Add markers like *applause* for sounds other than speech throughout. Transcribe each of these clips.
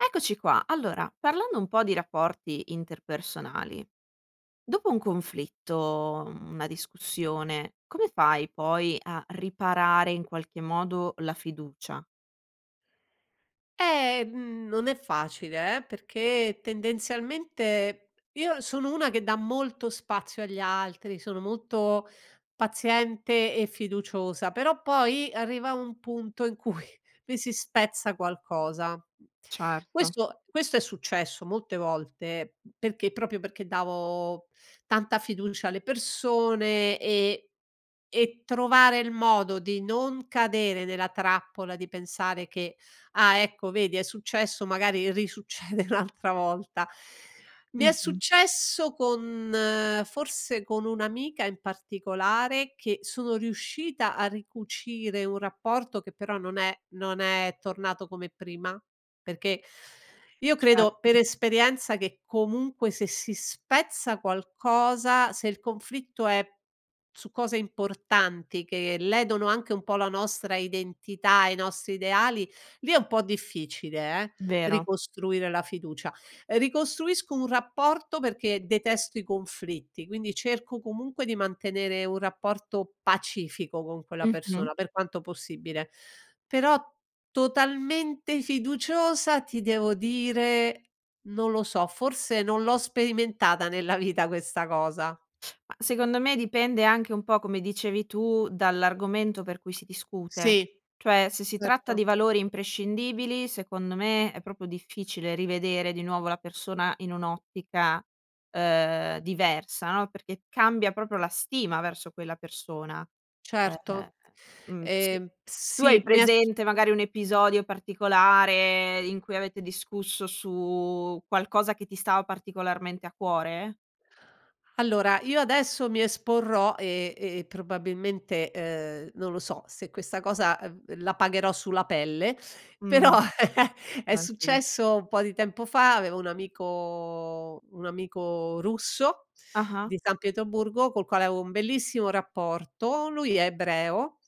Eccoci qua. Allora parlando un po' di rapporti interpersonali. Dopo un conflitto, mhmm, una discussione, come fai poi a riparare in qualche modo la fiducia? Ehm, non è facile eh, perché tendenzialmente, io sono una che dà molto spazio agli altri, sono molto paziente e fiduciosa però poi, arriva un punto in cui mi si spezza qualcosa. Certo. Questo questo è successo molte volte, perché proprio perché davo tanta fiducia alle persone e e trovare il modo di non cadere nella trappola e di pensare che: "Ah ecco, vedi è successo magari risuccede un'altra volta". Mi è Mh-mh. successo con, forse con un'amica in particolare, che sono riuscita a ricucire un rapporto che però non è non è tornato come prima perché io credo per Certo. esperienza che comunque se si spezza qualcosa, se il conflitto è su cose importanti che ledono anche un po' la nostra identità e i nostri ideali lì è un po' difficile eh, Vero. ricostruire la fiducia. Ricostruisco un rapporto perché detesto i conflitti, quindi cerco comunque di mantenere un rapporto pacifico con quella Mh-mh. persona, per quanto possibile, però totalmente fiduciosa ti devo dire non lo so, forse non l'ho sperimentata nella vita questa cosa. Ma secondo me dipende anche un po' come dicevi tu, dall'argomento per cui si discute Sì, cioè, se si tratta certo. di valori imprescindibili secondo me è proprio difficile rivedere di nuovo la persona in un'ottica diversa, ehm, no, perché cambia proprio la stima verso quella persona, Certo, ehm, mhmm, s ehm, tu sì. hai Mi è su presente magari un episodio particolare in cui avete discusso su qualcosa che ti stava particolarmente a cuore? Allora io adesso mi esporrò, ehm, ehm, probabilmente, ehm, non lo so, se questa cosa, uhm, la pagherò sulla pelle però Mh, *chuckles* è tranquilla. successo un po' di tempo fa, avevo un amico un amico russo, Ah-ah. di San Pietroburgo col quale avevo un bellissimo rapporto, lui è ebreo,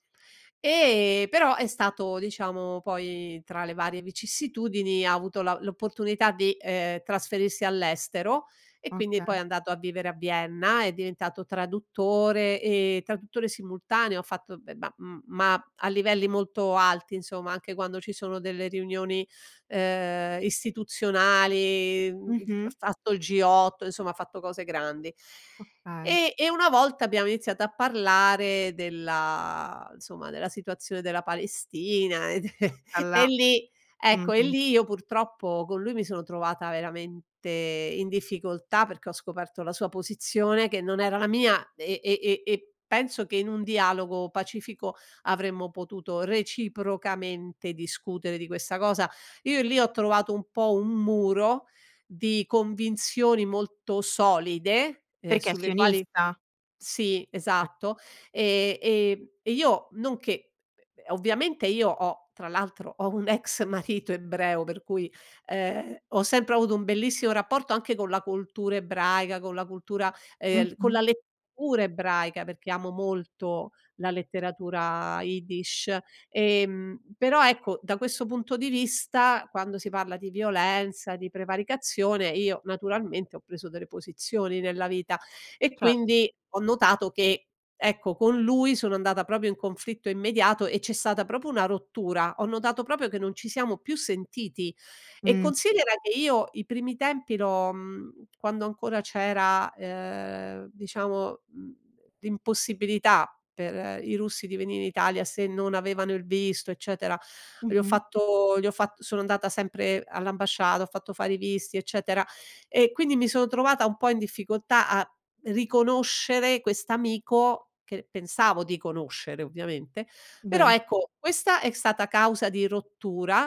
e però è stato diciamo poi, tra le varie vicissitudini, ha avuto la l'opportunità di, ehm, trasferirsi all'estero e quindi Okay. poi è andato a vivere a Vienna è diventato traduttore, ehm, traduttore simultaneo ha fatto beh ma m ma a livelli molto alti insomma, anche quando ci sono delle riunioni, ehm, istituzionali, mhmm, il g ha Mh-mh. fatto il G8, insomma ha fatto cose grandi. Okay. E e una volta abbiamo iniziato a parlare della insomma della situazione della Palestina e d *chuckles* e allà. lì ecco, e Mh-mh. lì io purtroppo con lui mi sono trovata veramente in difficoltà, perché ho scoperto la sua posizione che non era la mia e e e e penso che in un dialogo pacifico avremmo potuto reciprocamente discutere di questa cosa, io lì ho trovato un po' un muro di convinzioni molto solide, ehm, Perché è sulle quali sionista? sì Eh. esatto e e e io non che uhm, ovviamente io ho, tra l'altro, ho un ex marito ebreo per cui, ehm, ho sempre avuto un bellissimo rapporto anche con la cultura ebraica, con la cultura, ehm, con Mh-mh. la lettura ebraica, perché amo molto la letteratura Iddish, ehm, però ecco, da questo punto di vista, quando si parla di violenza, di prevaricazione io naturalmente, ho preso delle posizioni nella vita e Cert quindi, ho notato che, ecco, con lui sono andata proprio in conflitto immediato e c'è stata proprio una rottura. Ho notato proprio che non ci siamo più sentiti e Mh. considera che io i primi tempi l'ho, mhmm, quando ancora c'era, ehm, diciamo, mhmm, l'impossibilità per i russi di venire in Italia se non avevano il visto, eccetera, gli ho Mh-mh. fatto gli ho fatt sono andata sempre all'ambasciata, ho fatto fare i visti, eccetera, e quindi mi sono trovata un po' in difficoltà a riconoscere quest'amico, che pensavo di conoscere ovviamente, però Vero. ecco, questa è stata causa di rottura,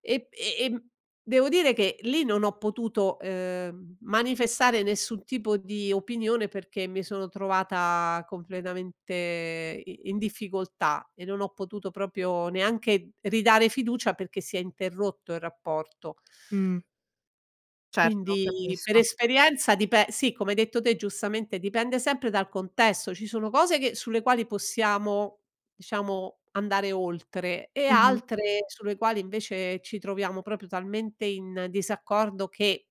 ehm, e ehm, devo dire che lì non ho potuto, ehm, manifestare nessun tipo di opinione perché mi sono trovata completamente i in difficoltà e non ho potuto proprio neanche ridare fiducia perché si è interrotto il rapporto. Mh. Certo, Quindi per capisco. esperienza dipe sì, come hai detto te giustamente, dipende sempre dal contesto. Ci sono cose che sulle quali possiamo diciamo, andare oltre e Mh-mh. altre sulle quali invece, ci troviamo proprio talmente in disaccordo che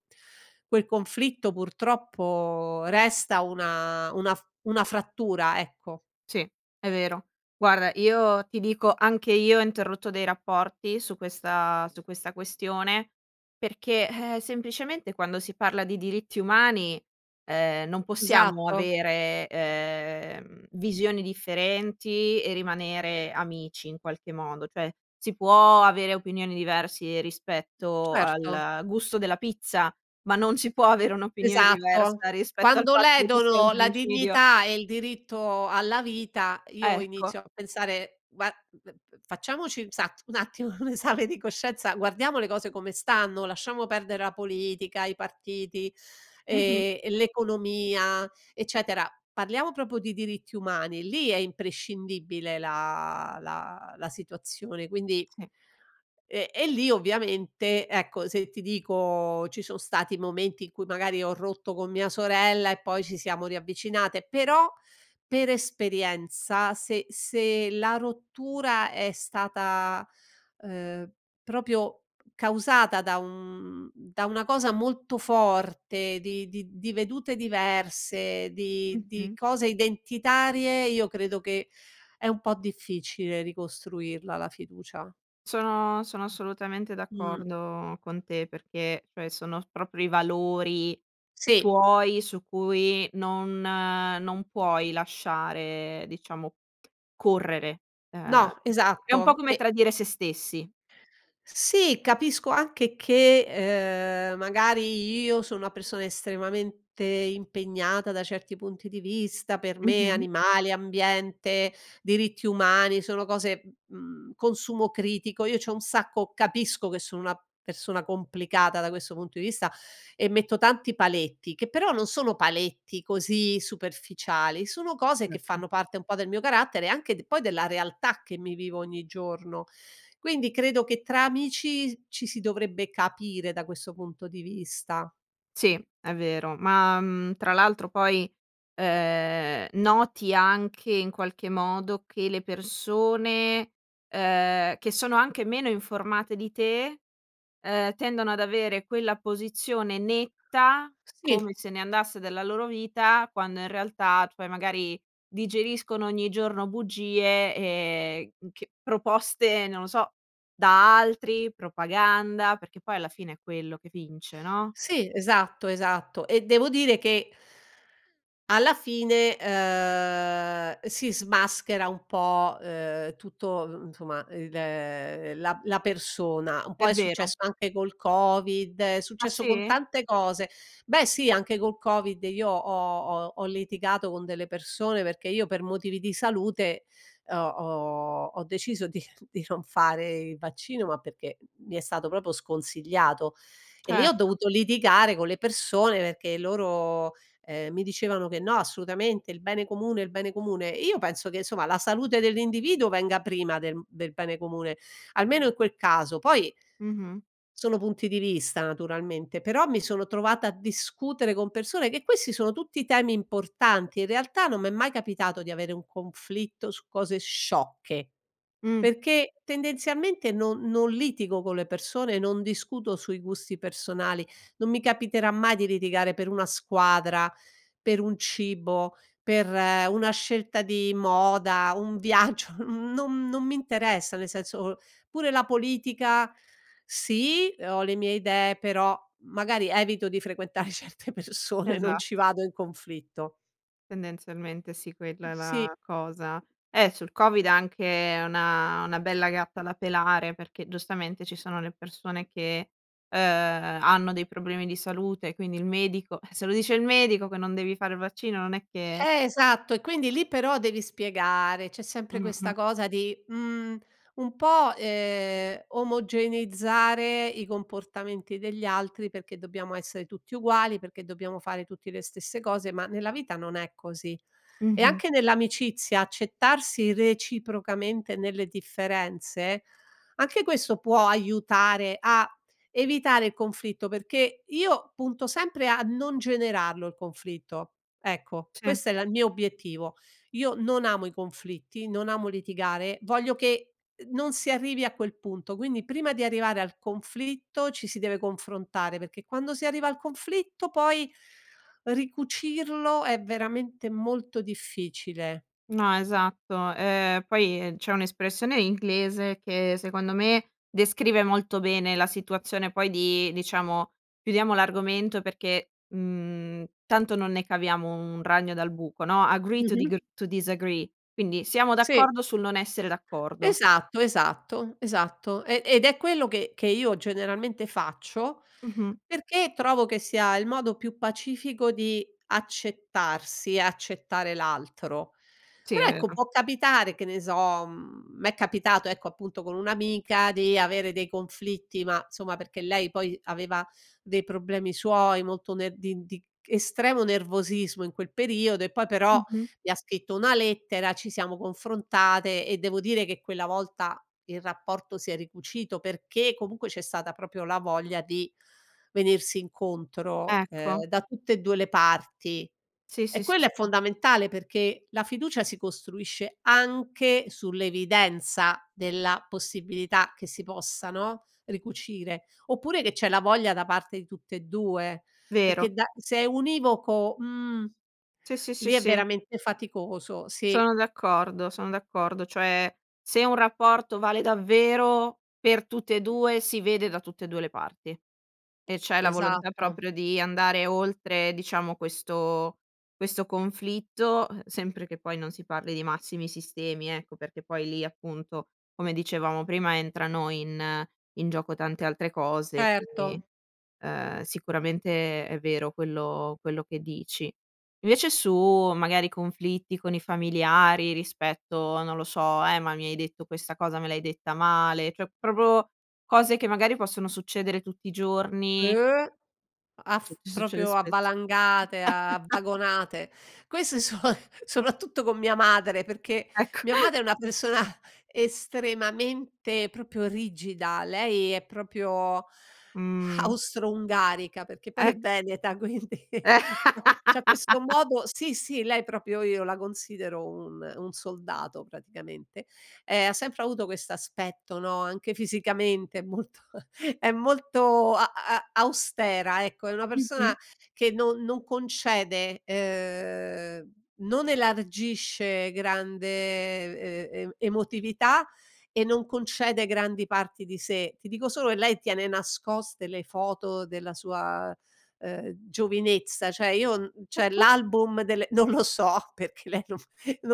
quel conflitto purtroppo resta una una fr una frattura, ecco. Sì è vero. Guarda io ti dico, anche io ho interrotto dei rapporti su questa su questa questione, perché, ehm, semplicemente quando si parla di diritti umani, ehm, non possiamo Esatto. avere, ehm, visioni differenti e rimanere amici in qualche modo cioè, si può avere opinioni diversi rispetto Certo. al gusto della pizza, ma non si può avere un'opinione Esatto. diversa rispetto al Quando fatto che ci sia un ledono la genocidio. dignità e il diritto alla vita io Ecco. inizio a pensare va v v facciamoci un sat un attimo un esame di coscienza, guardiamo le cose come stanno, lasciamo perdere la politica, i partiti Mh-mh. e e l'economia, eccetera. Parliamo proprio di diritti umani, lì è imprescindibile la la la situazione quindi Sì. e e lì ovviamente ecco, se ti dico ci son stati momenti in cui magari ho rotto con mia sorella e poi ci siamo riavvicinate però, per esperienza se se la rottura è stata, ehm, proprio causata da un da una cosa molto forte di di di vedute diverse di di Mh-mh. cose identitarie io credo che è un po' difficile ricostruirla la fiducia. Sono sono assolutamente Mh. d'accordo con te perché, cioè sono proprio i valori Sì. tuoi su cui non non puoi lasciare diciamo correre, ehm, No, è un po' esatto come e tradire se stessi. Sì, capisco anche che, ehm, magari io sono una persona estremamente impegnata da certi punti di vista, per me Mh-mh. animali, ambiente, diritti umani, sono cose, mhmm, consumo critico, io c'ho un sacco capisco che sono una persona complicata da questo punto di vista e metto tanti paletti, che però, non sono paletti così superficiali, sono cose che Certo. fanno parte un po' del mio carattere anche de poi della realtà che mi vivo ogni giorno, quindi credo che tra amici ci si dovrebbe capire da questo punto di vista. Sì è vero ma, mhmm, tra l'altro poi, ehm, noti anche in qualche modo che le persone, ehm, che sono anche meno informate di te, ehm, tendono ad avere quella posizione netta, come Sì. se ne andasse della loro vita, quando in realtà cioè magari, digeriscono ogni giorno bugie, ehm, ch proposte, non lo so, da altri propaganda, perché poi alla fine è quello che vince, no? Sì, esatto, esatto. E devo dire che alla fine, ehm, si smaschera un po', uhm, tutto uhm, insomma il uhm, la la persona, un po' È è vero. successo anche col covid, è Ah successo con sì? tante cose. Beh sì, anche col covid, io ho ho ho litigato con delle persone perché, io per motivi di salute, uhm, ho ho ho deciso di di non fare il vaccino ma perché, mi è stato proprio sconsigliato e lì ho Certo. dovuto litigare con le persone perché loro, ehm, mi dicevano che: "No assolutamente, il bene comune il bene comune". Io penso che insomma la salute dell'individuo venga prima del b del bene comune, almeno in quel caso poi Mh-mh. sono punti di vista naturalmente però mi sono trovata a discutere con persone, che questi sono tutti temi importanti in realtà, non m'è mai capitato di avere un conflitto su cose sciocche, Mh. perché tendenzialmente non non litigo con le persone, non discuto sui gusti personali; non mi capiterà mai di litigare per una squadra, per un cibo, per una scelta di moda, un viaggio, mhmm, non non mi interessa, nel senso, pure la politica, sì ho le mie idee però, magari evito di frequentare certe persone, non ci Esatt vado in conflitto. Tendenzialmente sì quella è Sì. la cosa. Eh sul covid anche una una bella gatta da pelare perché giustamente ci sono le persone che, ehm, hanno dei problemi di salute quindi il medico, eh, se lo dice il medico che non devi fare il vaccino non è che Eh esatto e quindi lì però devi spiegare, c'è sempre questa Mh-mh. cosa di, mhmm, un po', ehm, omogeneizzare i comportamenti degli altri perché dobbiamo essere tutti uguali, perché dobbiamo fare tutti le stesse cose, ma nella vita non è così e Mh-mh. anche nell'amicizia accettarsi reciprocamente nelle differenze, anche questo può aiutare a evitare il conflitto perché io punto sempre a non generarlo il conflitto ecco, Sì. questo è la il mio obiettivo io non amo i conflitti, non amo litigare, voglio che, uhm, non si arrivi a quel punto, quindi prima di arrivare al conflitto ci si deve confrontare perché quando si arriva al conflitto poi ricucirlo è veramente molto difficile. No esatto, ehm, poi c'è un'espressione inglese che secondo me, descrive molto bene la situazione poi di diciamo chiudiamo l'argomento perché, mhmm, tanto non ne caviamo un ragno dal buco no, agree to digr Mh-mh. to disagree quindi siamo Sì. d'accordo sul non essere d'accordo. Esatto, esatto, esatto, ehm, ed è quello che che io generalmente faccio, Mh-mh. perché trovo che sia il modo più pacifico di accettarsi, accettare l'altro, Sì è però ecco, vero. può capitare, che ne so, mhmm, m'è capitato ecco, appunto con un'amica di avere dei conflitti ma somma perché lei poi, aveva dei problemi suoi molto ner di di estremo nervosismo in quel periodo e poi però Mh-mh. mi ha scritto una lettera ci siamo confrontate e devo dire che quella volta il rapporto si è ricucito perché comunque c'è stata proprio la voglia di venirsi incontro, Ecco. ehm, da tutte e 2 le parti Sì, e sì, sì, quello è sì. fondamentale perché la fiducia si costruisce anche sull'evidenza della possibilità che si possa no, ricucire oppure che c'è la voglia da parte di tutte e 2 Vero. perché da se è univoco, mhmm, Sì, sì, sì, lì è sì. veramente faticoso, sì. Sono d'accordo son d'accordo cioè, se un rapporto vale davvero per tutte e 2 si vede da tutte e 2 le parti. E c'è la volontà Esatto. proprio di andare oltre diciamo questo questo conflitto, uhm, sempre che poi non si parli di massimi sistemi ecco, perché poi lì appunto, come dicevamo prima, entrano in in gioco tante altre cose quindi, Certo. ehm, sicuramente è vero quello quello che dici. Invece su magari conflitti con i familiari rispetto, non lo so, "eh ma mi hai detto questa cosa, me l'hai detta male", cioè proprio cose che magari possono succedere tutti i giorni. Uh, a f Suc succede proprio a spesso. valangate, a *chuckles* vagonate. Queste so *chuckles* soprattutto con mia madre perché, Ecco. mia *chuckles* madre è una persona estremamente proprio rigida, lei è proprio Mh. austro-ungarica perché poi è Ecc veneta quindi, *chuckles* c'ha questo *laughs* modo sì, sì, lei proprio io la considero un un soldato praticamente, ehm, ha sempre avuto quest'aspetto no, anche fisicamente è molto *chuckles* è molto a a austera ecco, è una persona Mh-mh. che no non concede, ehm, non elargisce grande e e emotività e non concede grandi parti di sé. Ti dico solo che lei tiene nascoste le foto della sua, ehm, giovinezza cioè, io n cioè Perché? l'album delle non lo so, perché lei non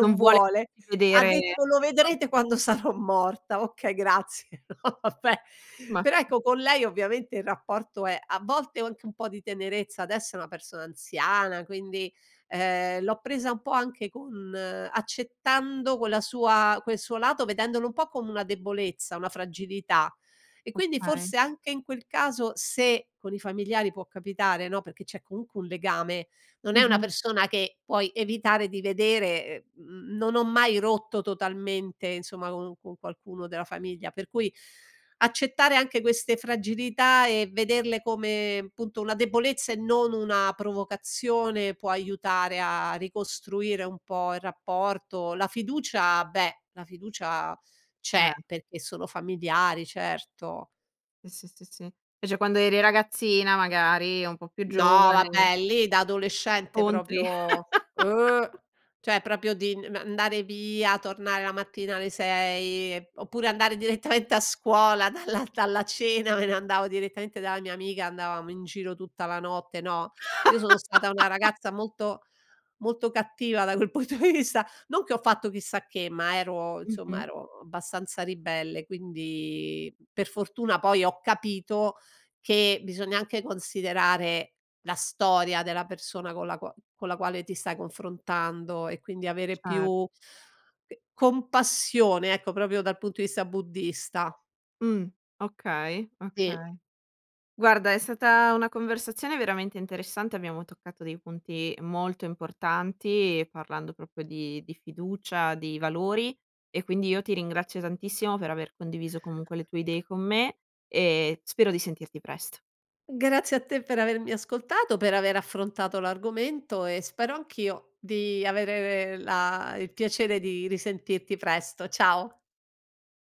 Non vuole vuole, *unintelligible* ha vedere. detto: "Lo vedrete *unintelligible* quando sarò morta". Okay, grazie, *chuckles* no vabbè, Ma. però ecco, con lei ovviamente il rapporto è a volte ho anche un po' di tenerezza, adesso è una persona anziana quindi, ehm, l'ho presa un po' anche con accettando quella sua quel suo lato, vedendolo un po' come una debolezza, una fragilità e quindi Okay. forse anche in quel caso, se con i familiari può capitare no, perché c'è comunque un legame, non è una Mh-mh. persona che puoi evitare di vedere, ehm, non ho mai rotto totalmente insomma con un con qualcuno della famiglia per cui, accettare anche queste fragilità e vederle come, punto una debolezza e non una provocazione, può aiutare a ricostruire un po' il rapporto, la fiducia, beh la fiducia c'è Eh. perché sono familiari certo. Sì, sì, sì, sì. Specie quando eri ragazzina magari, un po' più No giovane. vabbè, lì da adolescente proprio Contri. *laughs* oh, cioè proprio di n andare via, tornare la mattina alle 6 e p oppure andare direttamente a scuola dalla dalla cena, me ne andavo direttamente dalla mia amica, andavamo in giro tutta la notte, no, io sono stata una *laughs* ragazza molto molto cattiva da quel punto di vista non che ho fatto chissà che, ma ero insomma Mh-mh. ero abbastanza ribelle quindi, per fortuna poi ho capito, che bisogna anche considerare la storia della persona con la qua con la quale ti stai confrontando e quindi avere Cer più c compassione ecco, proprio dal punto di vista buddista. Mh, okay, Sì. okay. Guarda è stata una conversazione veramente interessante, abbiamo toccato dei punti molto importanti, parlando proprio di di fiducia, di valori e quindi io ti ringrazio tantissimo per aver condiviso comunque le tue idee con me e spero di sentirti presto. Grazie a te per avermi ascoltato, per aver affrontato l'argomento e spero anch'io di avere la il piacere di risentirti presto. Ciao.